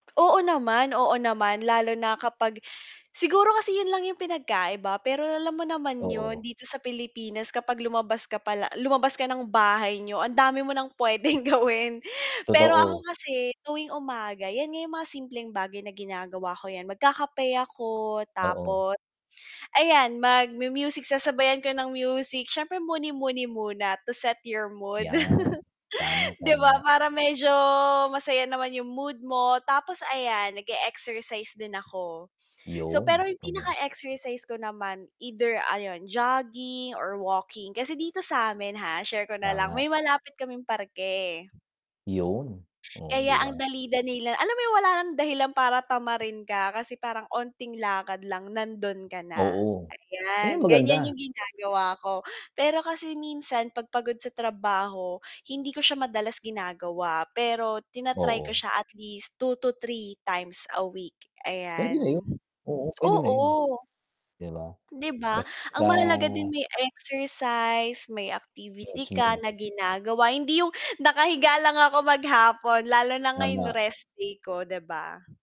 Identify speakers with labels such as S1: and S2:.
S1: Oo naman, oo naman. Lalo na kapag siguro kasi 'yon lang yung pinagkaiba, pero alam mo naman 'yon,
S2: Oo.
S1: dito sa Pilipinas kapag lumabas ka pala lumabas ka ng bahay niyo, ang dami mo ng puwedeng gawin. Pero ako
S2: Totoo.
S1: kasi tuwing umaga, 'yan nga yung mga simpleng bagay na ginagawa ko, 'yan, magkakape ako
S2: Oo.
S1: tapos ayan, magmu-music, sasabayan ko ng music. Siyempre muni-muni muna to set your mood.
S2: Yan. Tama,
S1: 'Di ba
S2: tama.
S1: para medyo masaya naman yung mood mo tapos ayan nag-e-exercise din ako. So pero
S2: 'Yon,
S1: yung
S2: gano'n.
S1: pinaka exercise ko naman either ayun, jogging or walking. Kasi dito sa'min ha, share ko na lang,
S2: Tama.
S1: may malapit kaming parke.
S2: 'Yon, oh, 'di
S1: Kaya ang
S2: ba?
S1: dali-dali lang alam mo yung wala nang dahilan para tamarin ka kasi parang 'onting lakad lang nando'n ka na,
S2: Oo, 'yon
S1: ayan.
S2: ang maganda.
S1: Ganyan yung ginagawa ko. Pero kasi minsan 'pag pagod sa trabaho hindi ko siya madalas ginagawa, pero tina-try ko
S2: Oo.
S1: siya at least 2-3 times a week,
S2: Puwede na
S1: ayan.
S2: 'yon. Oo, puwede na 'yon,
S1: Oo.
S2: 'di ba?
S1: 'Di ba?
S2: Basta
S1: Ang mahalaga din may exercise, may activity ka
S2: Mismo.
S1: na ginagawa. Hindi yung nakahiga lang ako maghapon lalo na ngayon
S2: Tama.
S1: rest day ko, 'di ba?